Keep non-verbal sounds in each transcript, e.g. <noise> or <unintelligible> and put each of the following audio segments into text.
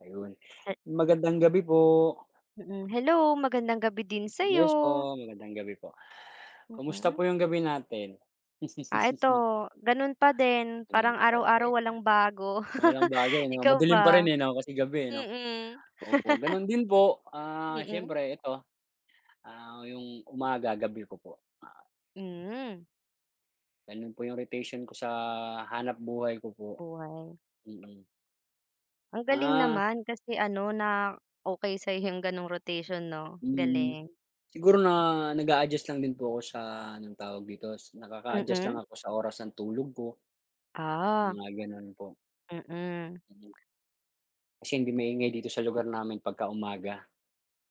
Ayun, Hi! magandang gabi po. Mm, hello, magandang gabi din Yes sa'yo! po, magandang gabi po. Kumusta Mm. po 'yung gabi natin? Ah, eto <laughs> gano'n pa din, Hmm, parang araw-araw walang <unintelligible> bago. Walang <laughs> bago ano? Ikaw Madilim pa rin ba? eh, 'no, kasi gabi eh, 'no? Mm. Opo <laughs> gano'n din po, ah, Mm. siyempre eto, ah, 'yung umaga, gabi ko po. Ma Mhm. Gano'n po 'yung rotation ko sa hanapbuhay ko po, Buhay. mm. Ang galing Ah. naman kasi ano na okey sa'yo 'yung gano'ng rotation, 'no? Mm. Galing! Siguro na nag-a-adjust lang din po ako sa anong tawag dito, nakaka-adjust lang Mm. ako sa oras ng tulog ko, Ah. mga gano'n po. Mm. Kasi hindi maingay dito sa lugar namin pagkaumaga,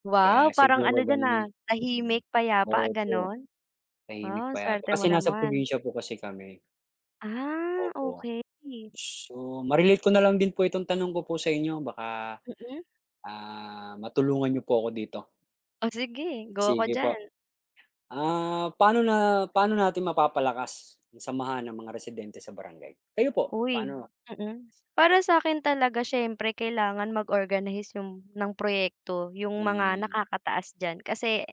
Wow! kaya Parang siguro ano diyan, gano'n 'yun, ah, mm. tahimik payapa Opo, gano'n? tahimik, Ah, payapa swerte mo kasi nasa naman! probinsiya po kasi kami, Ah, opo. okey. So ma-relate ko na lang din po itong tanong ko po sa inyo baka, Mm. ah, matulungan niyo po ako dito. O sige, go ako Sige po. diyan! Ah, paano na paano natin mapapalakas ang samahan ng mga residente sa Barangay? Kayo po Uy! paano? Mm, para sa'kin talaga siyempre kailangan mag-organize 'yung ng proyekto 'yung mga Hmm. nakakataas diyan. Kasi,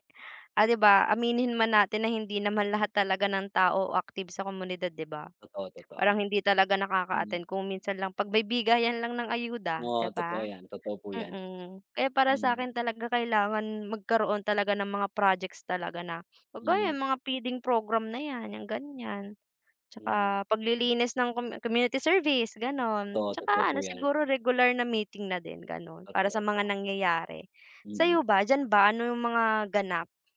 ah, 'di ba, aminin man natin na hindi naman lahat talaga ng tao o active sa komunidad 'di ba? Totoo, Parang totoo. hindi talaga nakaka-attend, Hmm. kung minsan lang pagbigayan lang ng ayuda 'di Oo, totoo ba? 'yan, totoo po 'yan. Mm, kaya para Hmm. sa'kin talaga kailangan magkaroon talaga ng mga projects talaga na kagaya Hmm. 'yung mga feeding program na 'yan, 'yang ganiyan, Hmm. tsaka paglilinis ng com community service gano'n. Totoo, Tsaka totoo po ano 'yan. siguro regular na meeting na din gano'n para sa Totoo mga po. nangyayari. Sa'yo Mm. ba, diyan ba ano 'yung mga ganap?